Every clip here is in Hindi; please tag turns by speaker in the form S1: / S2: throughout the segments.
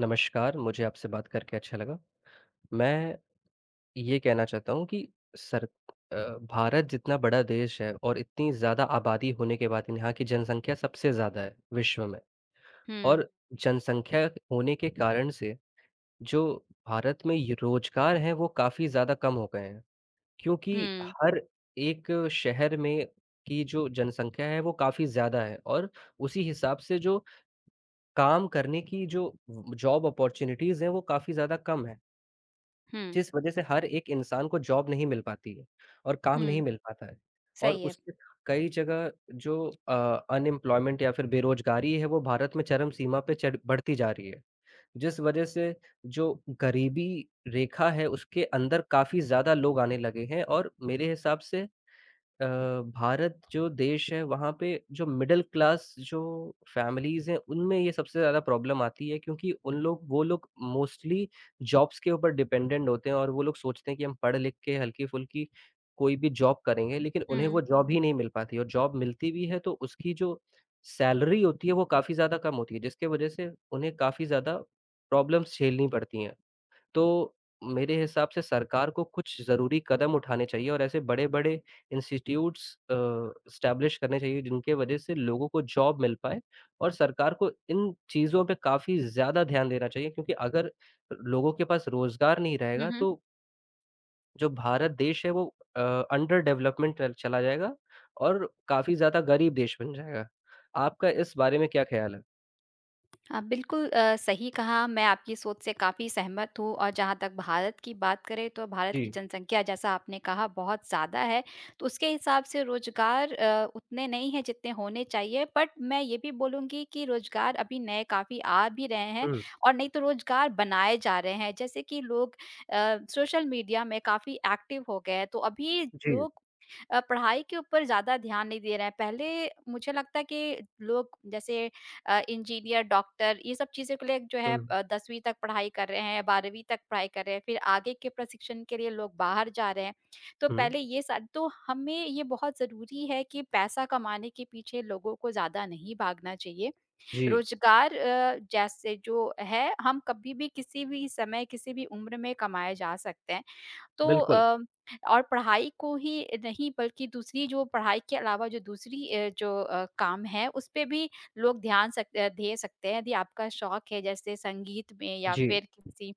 S1: नमस्कार, मुझे आपसे बात करके अच्छा लगा। मैं ये कहना चाहता हूँ कि सर अ, भारत जितना बड़ा देश है और इतनी ज़्यादा आबादी होने के बाद यहाँ की जनसंख्या सबसे ज़्यादा है विश्व में।
S2: हुँ।
S1: और जनसंख्या होने के कारण से जो भारत में ये रोज़गार हैं वो काफ़ी ज़्यादा कम हो गए हैं, क्योंकि
S2: हुँ।
S1: हर एक शहर में कि जो जनसंख्या है वो काफ़ी ज़्यादा है और उसी हिसाब से जो काम करने की जो उम, जॉब ऑपर्च्युनिटीज़ हैं वो काफ़ी ज़्यादा कम हैं।
S2: हुँ।
S1: जिस वजह से हर एक इंसान को जॉब नहीं मिल पाती है और काम
S2: हुँ।
S1: नहीं मिल पाता है। और
S2: सही है।
S1: उसके कई जगह जो अ, अनइम्प्लॉयमेंट या फिर बेरोजगारी है वो भारत में चरम सीमा पे चढ़ बढ़ती जा रही है। जिस वजह से जो गरीबी रेखा है उसके अंदर काफ़ी ज़्यादा लोग आने लगे हैं। और मेरे हिसाब से अ, भारत जो देश है वहाँ पे जो मिडल क्लास जो फैमिलीज़ हैं उनमें ये सबसे ज़्यादा प्रॉब्लम आती है क्योंकि उन लोग वो लोग प्रॉब्लम मोस्टली जॉब्स के ऊपर डिपेंडेंट होते हैं। और वो लोग सोचते हैं कि हम पढ़-लिख के हल्की-फुल्की कोई भी जॉब करेंगे लेकिन उन्हें वो
S2: हुँ।
S1: जॉब ही नहीं मिल पाती। और जॉब मिलती भी है तो उसकी जो सैलरी होती है वो काफ़ी ज़्यादा कम होती है जिसके वजह से उन्हें काफ़ी ज़्यादा प्रॉब्लम्स झेलनी पड़ती हैं। तो मेरे हिसाब से सरकार को कुछ ज़रूरी कदम उठाने चाहिए और ऐसे बड़े-बड़े इंस्टीट्यूट्स अ, एस्टैब्लिश करने चाहिए जिनके वजह से लोगों को जॉब मिल पाए। और सरकार को इन चीज़ों पे काफ़ी ज़्यादा ध्यान देना चाहिए क्योंकि अगर लोगों के पास रोज़गार नहीं
S2: हुँ,
S1: रहेगा
S2: हुँ।
S1: तो जो भारत देश है वो अ, अंडर डेवलपमेंटल टल चला जाएगा और काफ़ी ज़्यादा गरीब देश बन जाएगा। आपका इस बारे में क्या ख़्याल है?
S2: आप बिल्कुल अ, सही कहा, मैं आपकी सोच से काफ़ी सहमत हूँ और जहाँ तक भारत की बात करें, तो भारत की
S1: जी।
S2: जनसँख्या जैसा आपने कहा बहुत ज़्यादा है, तो उसके हिसाब से रोज़गार अ, उतने नहीं है जितने होने चाहिए। बट मैं ये भी बोलूँगी कि रोज़गार अभी नए काफ़ी आ भी रहे हैं
S1: हुँ।
S2: और नहीं तो रोज़गार बनाए जा रहे हैं, जैसे कि लोग अ, सोशल मीडिया में काफ़ी एक्टिव हो गए हैं, तो अभी
S1: जी।
S2: लोग अ, पढ़ाई के ऊपर ज़्यादा ध्यान नहीं दे रहे हैं। पहले मुझे लगता है कि लोग जैसे अ, इंजीनियर, डॉक्टर ये सब चीज़ें को लेक जो है
S1: हुँ।
S2: अ, 10वीं तक पढ़ाई कर रहे हैं या 12वीं तक पढ़ाई कर रहे हैं, फिर आगे के प्रशिक्षण के लिए लोग बाहर जा रहे हैं। तो
S1: हुँ।
S2: पहले ये सारी तो हमें ये बहुत ज़रूरी है कि पैसा कमाने के पीछे लोगों को ज़्यादा नहीं भागना चाहिए,
S1: जी।
S2: रोज़गार अ, जैसे जो है हम कभी भी किसी भी समय किसी भी उम्र में कमाया जा सकता है। तो
S1: बिल्कुल।
S2: अ, और पढ़ाई को ही नहीं बल्कि दूसरी जो पढ़ाई के अलावा जो दूसरी अ, जो अ, काम है, उस पे भी लोग ध्यान सकते अ, धे सकते हैं, यदि आपका शौक है जैसे संगीत में या
S1: जी।
S2: फिर किसी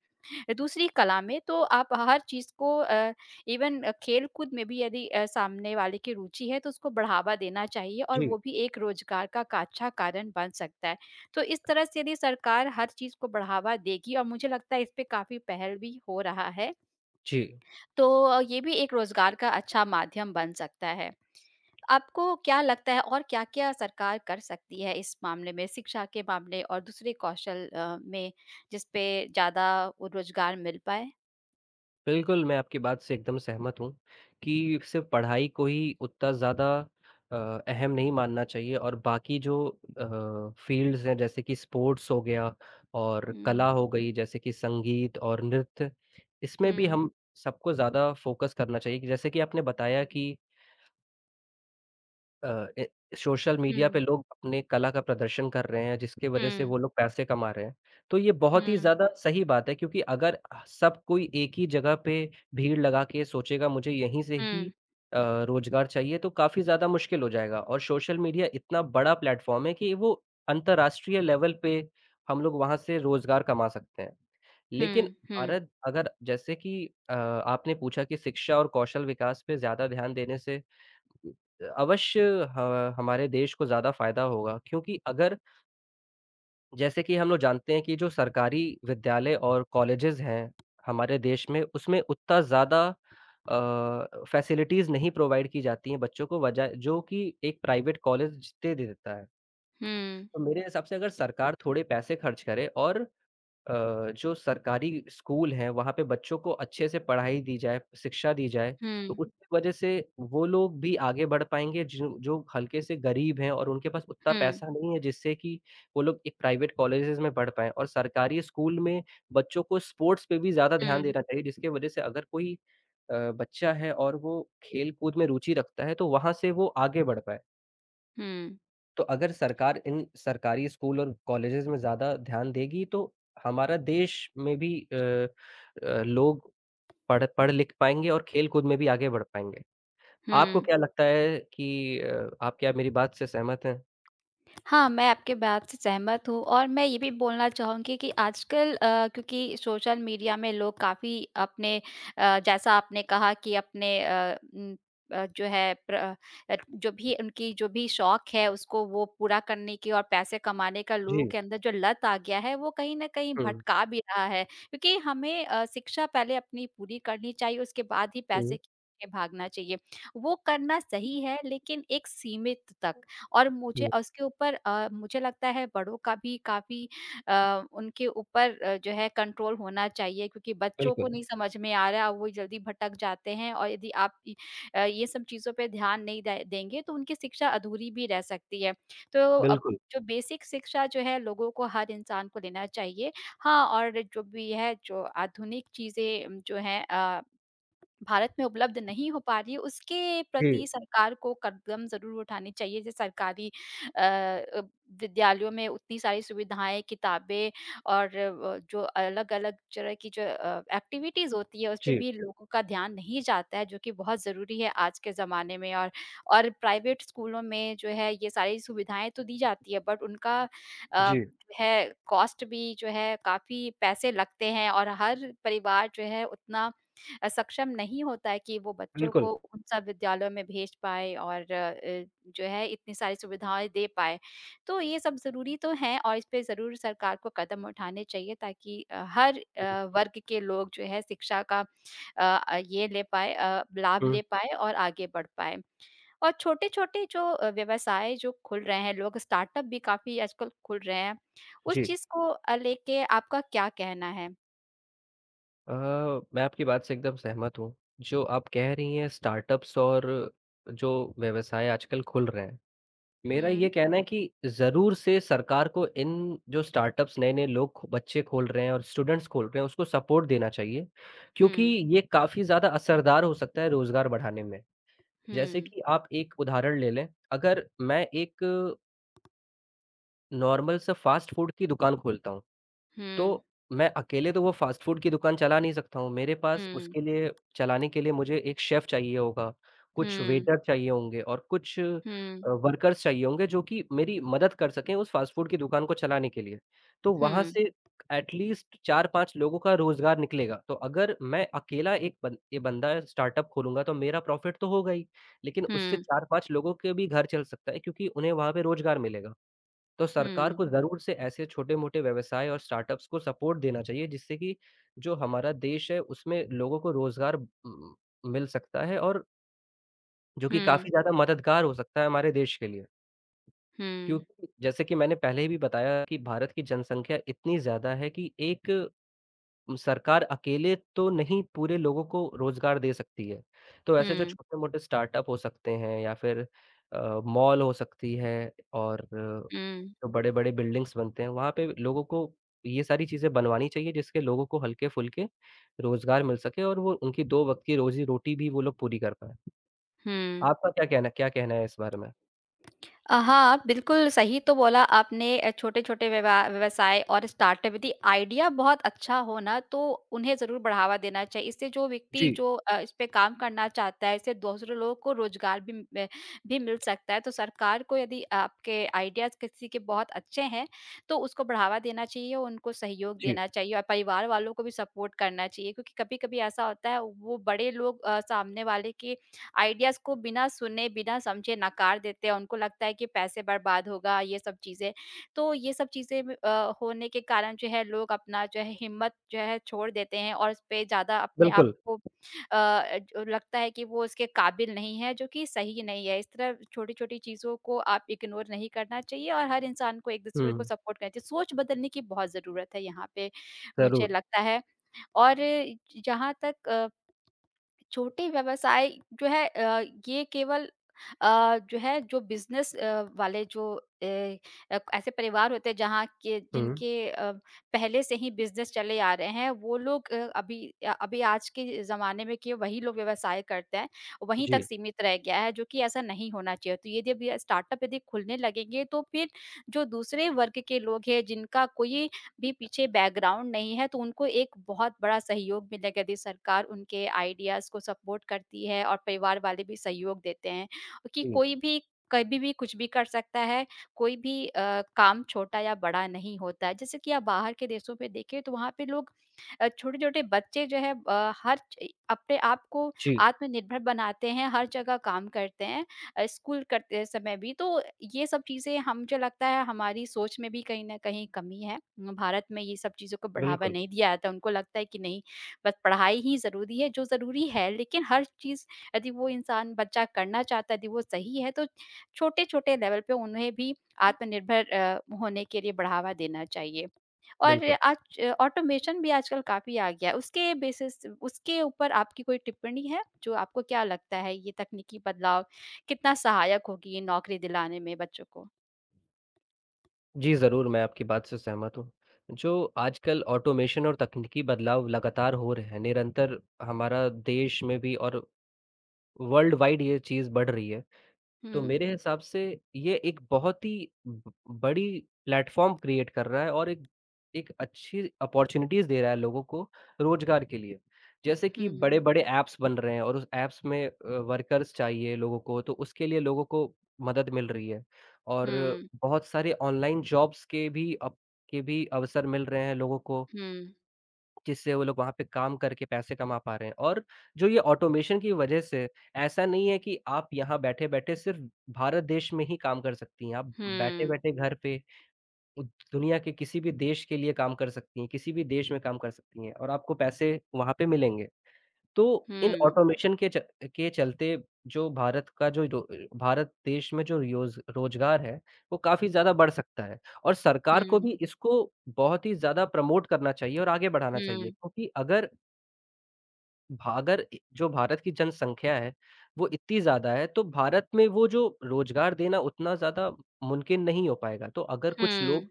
S2: अ, दूसरी कला में तो आप हर चीज़ को अ, इवन खेल कूद में भी यदि अ, सामने वाले की रुचि है, तो उसको बढ़ावा देना चाहिए और
S1: जी।
S2: वो भी एक रोज़गार का का अच्छा कारण बन सकता है। तो इस तरह से यदि सरकार हर चीज़ को बढ़ावा देगी और मुझे लगता है इस पे काफ़ी पहल भी हो रहा है।
S1: जी।
S2: तो अ, ये भी एक रोज़गार का अच्छा माध्यम बन सकता है। आपको क्या लगता है और क्या-क्या सरकार कर सकती है इस मामले में, शिक्षा के मामले और दूसरे कौशल अ, में जिस पे ज़्यादा ओ रोज़गार मिल पाए?
S1: बिल्कुल, मैं आपकी बात से एकदम सहमत हूँ, कि सिर्फ पढ़ाई को ही उत्ता ज़्यादा अ, अहम नहीं मानना चाहिए और बाकी जो अ, फ़ील्ड्स हैं जैसे कि स्पोर्ट्स हो गया और
S2: हुँ।
S1: कला हो गई जैसे कि संगीत और नृत्य, इसमें भी
S2: हुँ।
S1: हम सबको ज़्यादा फ़ोकस करना चाहिए। कि जैसे कि आपने बताया कि अ, ए सोशल मीडिया पे
S2: हुँ।
S1: लोग अपने कला का प्रदर्शन कर रहे हैं जिसके वजह से
S2: हुँ।
S1: वो लोग पैसे कमा रहे हैं। तो ये बहुत ही
S2: हुँ।
S1: ज़्यादा सही बात है क्योंकि अगर अ आह, सब कोई एक ही जगह पे भीड़ लगा के सोचेगा मुझे यहीं से ही
S2: हुँ।
S1: अ, रोज़गार चाहिए तो काफ़ी ज़्यादा मुश्किल हो जाएगा और सोशल मीडिया इतना बड़ा प्लेटफ़ॉर्म है कि वो अंतरराष्ट्रीय लेवल पे हम लोग वहाँ से रोज़गार कमा सकते हैं। लेकिन
S2: हुँ, हुँ।
S1: भारत अगर जैसे कि अ, आपने पूछा कि शिक्षा और कौशल विकास पे ज़्यादा ध्यान देने से कु अ, अवश्य ह हमारे देश को ज़्यादा फ़ायदा होगा क्योंकि अगर जैसे कि हम लोग जानते हैं कि जो सरकारी विद्यालय और कॉलेजेस हैं हमारे देश में, उसमें उत्ता ज़्यादा अ, फ़ैसिलिटीज़ नहीं प्रोवाइड की जाती हैं बच्चों को वजा जो कि एक प्राइवेट कॉलेज जितने दे देता है।
S2: हुँ।
S1: तो मेरे हिसाब से अगर सरकार थोड़े पैसे खर्च करे और अ, जो सरकारी स्कूल हैं, वहाँ पे बच्चों को अच्छे से पढ़ाई दी जाए, शिक्षा दी जाए, तो
S2: हुँ।
S1: उनके वजह से वो लोग भी आगे बढ़ पाएँगे जिन जो हल्के से गरीब हैं और उनके पास उत्ता
S2: हुँ।
S1: पैसा नहीं है जिससे कि वो लोग एक प्राइवेट कॉलेजेस में बढ़ पाएँ और सरकारी स्कूल में बच्चों को स्पोर्ट्स पे भी ज़्यादा ध्यान
S2: हुँ।
S1: देना चाहिए, जिसके वजह से अगर कोई अ, बच्चा है और वो खेल-कूद में रुचि रखता है तो वहाँ से वो आगे बढ़ पाए।
S2: हुँ।
S1: तो अगर सरकार इन सरकारी स्कूल और कॉलेजेज़ में ज़्यादा ध्यान देगी, तो हमारा देश में भी अ अ, लोग पढ़ पढ़ लिख पाएँगे और खेल कुद में भी आगे बढ़ पाएँगे। आपको
S2: हुँ।
S1: क्या लगता है कि अ, आप क्या मेरी बात से सहमत हैं?
S2: हाँ, मैं आपके बात से सहमत हूँ और मैं ये भी बोलना चाहूँगी कि आजकल अ, क्योंकि सोशल मीडिया में लोग काफ़ी अपने अ, जैसा आपने कहा कि अपने अ उम अ, जो है प्र अ अ, जो भी उनकी जो भी शौक है, उसको वो पूरा करने की और पैसे कमाने का लोगों
S1: जी।
S2: के अंदर जो लत आ गया है, वो कहीं न कहीं
S1: हुँ।
S2: भटका भी रहा है। क्योंकि हमें अ, शिक्षा पहले अपनी पूरी करनी चाहिए, उसके बाद ही पैसे
S1: जी।
S2: के पीछे भागना चाहिए। वो करना सही है, लेकिन एक सीमित तक, और मुझे
S1: हुँ।
S2: उसके ऊपर अ, मुझे लगता है, बड़ों का भी काफ़ी अ, उनके ऊपर जो है कंट्रोल होना चाहिए, क्योंकि बच्चों को
S1: बिल्कुल।
S2: नहीं समझ में आ रहा, वो जल्दी भटक जाते हैं और यदि आप इ अ, ये सब चीज़ों पे ध्यान नहीं दे देंगे, तो उनकी शिक्षा अधूरी भी रह सकती है। तो अब
S1: बिल्कुल।
S2: जो बेसिक शिक्षा जो है, लोगों को, हर इंसान को देना चाहिए। हाँ, और जो भी है, जो आधुनिक चीज़ें जो हैं अ, भारत में उपलब्ध नहीं हो पा रही हैं, उसके प्रति
S1: जी।
S2: सरकार को कदम ज़रूर उठाने चाहिए। ज सरकारी अ अ, विद्यालयों में उतनी सारी सुविधाएँ, किताबें और अ, जो अलग-अलग तरह की जो अ, एक्टिविटीज़ होती हैं, उसपे
S1: जी।
S2: भी लोगों का ध्यान नहीं जाता है, जो कि बहुत ज़रूरी है आज के ज़माने में और और प्राइवेट स्कूलों में जो है, ये सारी सुविधाएँ तो दी जाती हैं, बट उनका अ,
S1: जी।
S2: है कॉस्ट भी जो है काफ़ी पैसे लगते हैं और हर परिवार जो है, उतना अ, सक्षम नहीं होता है कि वो बच्चों
S1: बिल्कुल।
S2: को उन सब विद्यालयों में भेज पाए और अ, जो है इतनी सारी सुविधाएँ दे पाए। तो ये सब ज़रूरी तो है और इसपे ज़रूर सरकार को कदम उठाने चाहिए, ताकि अ, हर
S1: हुँ।
S2: अ, वर्ग के लोग जो है शिक्षा का अ अ, ये ले पाएँ अ, लाभ
S1: हुँ।
S2: ले पाएँ और आगे बढ़ पाएँ। और छोटे-छोटे जो अ, व्यवसाय जो खुल रहे हैं, लोग स्टार्टअप भी काफ़ी आजकल खुल रहे हैं, उस
S1: जी।
S2: चीज़ को अ, लेके आपका क्या कहना है?
S1: अ, मैं आपकी बात से एकदम सहमत हूँ, जो आप कह रही हैं स्टार्टअप्स और जो व्यवसाय आजकल खुल रहे हैं, मेरा
S2: हुँ।
S1: ये कहना है कि ज़रूर से सरकार को इन जो स्टार्टअप्स नए-नए लोग खो बच्चे खोल रहे हैं और स्टूडेंट्स खोल रहे हैं, उसको सपोर्ट देना चाहिए। क्योंकि
S2: हुँ।
S1: ये काफ़ी ज़्यादा असरदार हो सकता है रोज़गार बढ़ाने में, जैसे
S2: हुँ।
S1: कि आप एक उदाहरण ले लें। अगर मैं एक नॉर्मल सा फ़ास्ट फूड की दुकान खोलता हूँ,
S2: हुँ।
S1: तो मैं अकेले तो वो फ़ास्ट फ़ूड की दुकान चला नहीं सकता हूँ। मेरे पास
S2: हुँ।
S1: उसके लिए चलाने के लिए मुझे एक शेफ़ चाहिए होगा, कुछ
S2: हुँ।
S1: वेटर चाहिए होंगे और कुछ अ,
S2: हुँ।
S1: वर्कर्स चाहिए होंगे जो कि मेरी मदद कर सकें उस फ़ास्ट फूड की दुकान को चलाने के लिए। तो वहाँ
S2: हुँ।
S1: से ऐटलीस्ट 4-5 लोगों का रोज़गार निकलेगा, तो अगर मैं अकेला एक बन ए बंदा स्टार्टअप खोलूँगा तो मेरा प्रॉफिट तो होगा ही, लेकिन उससे
S2: हुँ।
S1: 4-5 लोगों के भी घर चल सकता है क्योंकि उन्हें वहाँ पे रोज़गार मिलेगा। तो सरकार
S2: हुँ।
S1: को ज़रूर से ऐसे छोटे-मोटे व्यवसाय और स्टार्टअप्स को सपोर्ट देना चाहिए, जिससे कि जो हमारा देश है उसमें लोगों को रोज़गार उम उम, मिल सकता है और जो कि
S2: हुँ।
S1: काफ़ी ज़्यादा मददगार हो सकता है हमारे देश के लिए।
S2: हुँ।
S1: क्योंकि जैसे कि मैंने पहले भी बताया कि भारत की जनसंख्या इतनी ज़्यादा है कि एक उम, सरकार अकेले तो नहीं पूरे लोगों को रोज़गार दे सकती है। तो ऐसे जो
S2: हुँ।
S1: छोटे-मोटे स्टार्टअप हो सकते हैं या फिर अ, मॉल हो सकती है और अ,
S2: हुँ।
S1: जो बड़े-बड़े बिल्डिंग्स बनते हैं, वहाँ पे ब लोगों को ये सारी चीज़ें बनवानी चाहिए जिसके लोगों को हल्के-फुल्के रोज़गार मिल सके और वो उनकी वक़्त की रोज़ी रोटी भी वो लोग पूरी कर पाएँ।
S2: हुँ।
S1: आपका क्या कहना क्या कहना है इस बारे में?
S2: अ, हाँ, बिल्कुल सही तो बोला आपने अ, छोटे-छोटे विवा व्यवसाय और स्टार्टअप, यदि आइडिया बहुत अच्छा हो ना, तो उन्हें ज़रूर बढ़ावा देना चाहिए। इससे जो व्यक्ति
S1: जी।
S2: जो अ, इसपे काम करना चाहता है, इससे दूसरे लोगों को रोज़गार भी म भी मिल सकता है। तो सरकार को यदि आपके आइडियाज़ किसी के बहुत अच्छे हैं, तो उसको बढ़ावा देना चाहिए, उनको सहयोग
S1: जी।
S2: देना चाहिए। और परिवार वालों को भी सपोर्ट करना चाहिए क्योंकि कभी-कभी ऐसा होता है, वो वो बड़े लोग अ, सामने वाले की आइडियाज़ को बिना सुने, बिना समझे नकार देते हैं। उनको लगता है कि पैसे बर्बाद होगा, ये सब चीज़ें। तो ये सब चीज़ें ब अ, होने के कारण जो है लोग अपना जो है हिम्मत जो है छोड़ देते हैं, और इसपे ज़्यादा अपने आप
S1: बिल्कुल।
S2: को अ, जो लगता है कि वो उसके काबिल नहीं है, जो कि सही नहीं है। इस तरह छोटी-छोटी चीज़ों को आप इग्नोर नहीं करना चाहिए और हर इंसान को एक-दूसरे को
S1: हुँ।
S2: सपोर्ट करना चाहिए, सोच बदलने की बहुत ज़रूरत है यहाँ पे मुझे
S1: ज़रूर।
S2: लगता है। और इ जहाँ तक अ छोटे व्यवसाय जो हैं अ, ये केवल अ, जो है जो बिज़नेस अ, वाले जो ए अ, ऐसे परिवार होते हैं जहाँ के
S1: हुँ।
S2: जिनके अ, पहले से ही बिज़नेस चले आ रहे हैं, वो लोग अ, अभी अ अभी आज के ज़माने में कि वही लोग व्यवसाय करते हैं, वहीं तक
S1: जी।
S2: सीमित रह गया है, जो कि ऐसा नहीं होना चाहिए। तो यदि अभी स्टार्टअप यदि खुलने लगेंगे, तो फिर जो दूसरे वर्ग के लोग हैं, जिनका कोई भी पीछे बैकग्राउंड नहीं है, तो उनको एक बहुत बड़ा सहयोग मिलेगा, यदि सरकार उनके आइडियाज़ को सबवोट करती है और परिवार वाले भी सहयोग देते हैं कि
S1: जी।
S2: कोई भी कभी भी कुछ भी कर सकता है, कोई भी अ, काम छोटा या बड़ा नहीं होता है। जैसे कि आप बाहर के देशों पे देखें, तो वहाँ पे लोग अ, छोटे-छोटे बच्चे जो हैं अ, हर चइ अपने आप को
S1: जी।
S2: आत्मनिर्भर बनाते हैं, हर जगह काम करते हैं अ, स्कूल करते समय भी। तो ये सब चीज़ें हम जो लगता है, हमारी सोच में भी कहीं न कहीं कमी है। म भारत में ये सब चीज़ों को बढ़ावा
S1: बिल्कुल।
S2: नहीं दिया जाता, उनको लगता है कि नहीं, बस पढ़ाई ही ज़रूरी है, जो ज़रूरी है, लेकिन हर चीज़ यदि वो इंसान बच्चा करना चाहता है, यदि वो सही है, तो छोटे-छोटे लेवल पे उन्हें भी आत्मनिर्भर अ, होने के लिए बढ़ावा देना चाहिए। और
S1: बिल्कुल।
S2: आज ऑटोमेशन भी आजकल काफ़ी आ गया। उसके बेसिस उसके ऊपर आपकी कोई टिप्पणी है जो आपको क्या लगता है, ये तकनीकी बदलाव कितना सहायक होगी नौकरी दिलाने में बच्चों को?
S1: जी, ज़रूर मैं आपकी बात से सहमत हूँ, जो आजकल ऑटोमेशन और तकनीकी बदलाव लगातार हो रहे हैं, निरंतर हमारा देश में भी और वर्ल्ड वाइड ये चीज़ बढ़ रही है। तो
S2: हुँ।
S1: मेरे हिसाब से ये एक बहुत ही बड़ी प्लेटफ़ॉर्म क्रिएट कर रहा है और एक एक अच्छी अपॉर्चुनिटीज़ दे रहा है लोगों को, रोज़गार के लिए। जैसे कि
S2: हुँ।
S1: बड़े-बड़े ऐप्स बन रहे हैं और उस ऐप्स में अ, वर्कर्स चाहिए लोगों को, तो उसके लिए लोगों को मदद मिल रही है और
S2: हुँ।
S1: बहुत सारे ऑनलाइन जॉब्स के भी अब के भी अवसर मिल रहे हैं लोगों को।
S2: हुँ।
S1: जिससे वो लोग वहाँ पे काम करके पैसे कमा पा रहे हैं और जो ये ऑटोमेशन की वजह से, ऐसा नहीं है कि आप यहाँ बैठे-बैठे सिर्फ़ भारत देश में ही काम कर सकती हैं, आप
S2: हुँ।
S1: बैठे-बैठे घर पे उ दुनिया के किसी भी देश के लिए काम कर सकती हैं, किसी भी देश में काम कर सकती हैं और आपको पैसे वहाँ पे मिलेंगे। तो इन
S2: हुँ।
S1: ऑटोमेशन के च के चलते जो भारत का जो दो अ, भारत देश में जो रियोज़ रोज़गार है, वो काफ़ी ज़्यादा बढ़ सकता है। और सरकार को
S2: हुँ।
S1: भी इसको बहुत ही ज़्यादा प्रमोट करना चाहिए और आगे बढ़ाना चाहिए,
S2: हुँ।
S1: क्योंकि अगर भारत ए जो भारत की जनसंख्या है, वो इतनी ज़्यादा है तो भारत में वो जो रोज़गार देना उतना ज़्यादा म मुमकिन नहीं हो पाएगा। तो अगर कुछ लोग
S2: हुँ।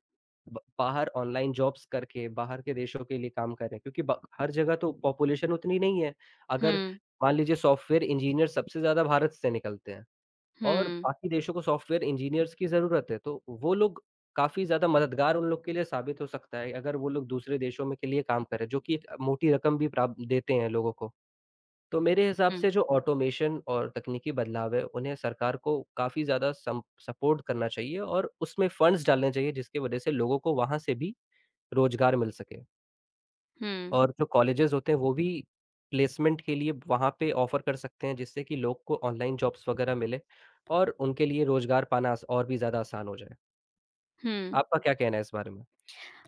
S1: ब बाहर ऑनलाइन जॉब्स करके बाहर के देशों के लिए काम करें क्योंकि ब हर जगह तो पॉपुलेशन उतनी नहीं है। अगर
S2: हुँ।
S1: मान लीजिए सॉफ्टवेयर इंजीनियर सबसे ज़्यादा भारत से निकलते हैं और
S2: हुँ।
S1: बाकी देशों को सॉफ्टवेयर इंजीनियर्स की ज़रूरत है तो वो लोग काफ़ी ज़्यादा मददगार उन लोग के लिए साबित हो सकता है अगर वो लोग दूसरे देशों में के लिए काम करें जो कि एक मोटी रकम भी प्राप्त देते हैं लोगों को। तो मेरे हिसाब
S2: हुँ।
S1: से जो ऑटोमेशन और तकनीकी बदलाव हैं, उन्हें सरकार को काफ़ी ज़्यादा सम सपोर्ट करना चाहिए और उसमें फ़ंड्स डालने चाहिए जिसकी वजह से लोगों को वहाँ से भी रोज़गार मिल सके।
S2: हुँ।
S1: और जो कॉलेजेस होते हैं वो भी, प्लेसमेंट के लिए वहाँ पे ऑफ़र कर सकते हैं जिससे कि लोग को ऑनलाइन जॉब्स वगैरह मिले और उनके लिए रोज़गार पाना स और भी ज़्यादा आसान हो जाए।
S2: हुँ।
S1: आपका क्या कहना है इस बारे में?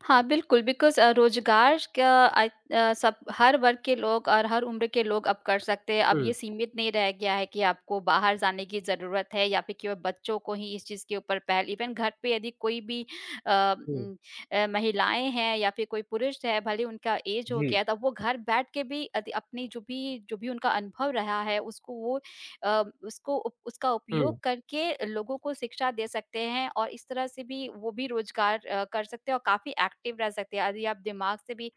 S2: हाँ, बिल्कुल बिकॉज़ अ, रोज़गार का अ अ, सब हर वर्ग के लोग और हर उम्र के लोग अब कर सकते हैं। अब ये
S1: हुँ।
S2: सीमित नहीं रह गया है कि आपको बाहर जाने की ज़रूरत है या फिर कि व बच्चों को ही इस चीज़ के ऊपर पहल इवन घर पे यदि कोई भी अ
S1: हुँ।
S2: उम अ, महिलाएँ हैं या फिर कोई पुरुष हैं भले ही उनका ऐज हो
S1: जी।
S2: गया तो अब वो घर बैठ के भी अदि अपनी जो भी जो भी उनका अनुभव रहा है, उसको वो अ, उसको उप उसका उपयोग
S1: हुँ।
S2: करके लोगों को शिक्षा दे सकते हैं और इस तरह से भी वो भी रोज़गार अ, कर सकते हैं और काफ़ी एक्टिव रह सकते हैं। अरि आप दिमाग से भी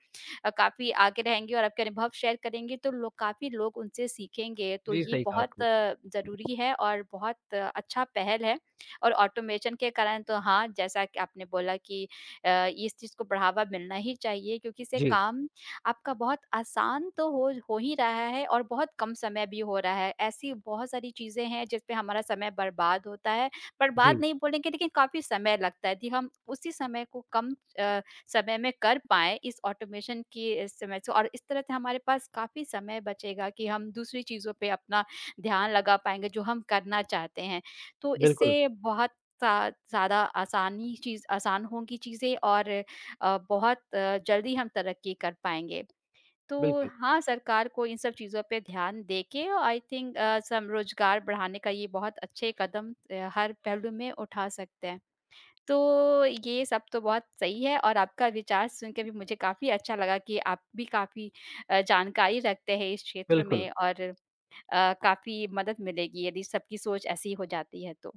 S2: अ, काफ़ी आगे रहेंगे और आपके अनुभव शेयर करेंगे तो लोग काफ़ी लोग उनसे सीखेंगे। तो
S1: जी,
S2: ये
S1: सही कहा
S2: बहुत
S1: आपने।
S2: ज़रूरी है और बहुत अच्छा पहल है और ऑटोमेशन के कारण तो हाँ, जैसा कि आपने बोला कि अ, इस चीज़ को बढ़ावा मिलना ही चाहिए क्योंकि इससे
S1: जी।
S2: काम आपका बहुत आसान तो हो हो ही रहा है और बहुत कम समय भी हो रहा है। ऐसी बहुत सारी चीज़ें हैं जिस पे हमारा समय बर्बाद होता है। बर्बाद
S1: जी।
S2: नहीं बोलेंगे लेकिन काफ़ी समय लगता है यदि हम उसी समय को कम अ, समय में कर पाएँ इस ऑटोमेशन की अ, समय से और इस तरह से हमारे पास काफ़ी समय बचेगा कि हम दूसरी चीज़ों पे अपना ध्यान लगा पाएँगे जो हम करना चाहते हैं। तो
S1: बिल्कुल।
S2: इससे बहुत ज़्या ज़्यादा आसानी चीज़ आसान होंगी चीज़ें और अ, बहुत जल्दी हम तरक्की कर पाएँगे। तो
S1: बिल्कुल।
S2: हाँ, सरकार को इन सब चीज़ों पे ध्यान देके औ आई थिंक अ, सम रोज़गार बढ़ाने का ये बहुत अच्छे कदम अ, हर पहलू में उठा सकते हैं। तो ये सब तो बहुत सही है और आपका विचार सुन के भी मुझे काफ़ी अच्छा लगा कि आप भी काफ़ी अ, जानकारी रखते हैं इस क्षेत्र
S1: बिल्कुल।
S2: में और अ, काफ़ी मदद मिलेगी यदि सबकी सोच ऐसी हो जाती है तो।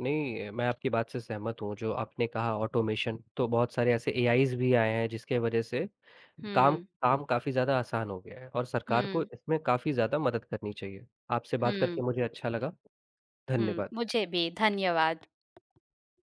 S1: नहीं अ, मैं आपकी बात से सहमत हूँ जो आपने कहा ऑटोमेशन, तो बहुत सारे ऐसे एआईज़ भी आए हैं जिसके वजह से काम
S2: हुँ।
S1: काम काफ़ी ज़्यादा आसान हो गया है और सरकार को
S2: हुँ।
S1: इसमें काफ़ी ज़्यादा मदद करनी चाहिए। आपसे बात
S2: हुँ।
S1: करके मुझे अच्छा लगा।
S2: हुँ,
S1: धन्यवाद।
S2: मुझे भी, धन्यवाद।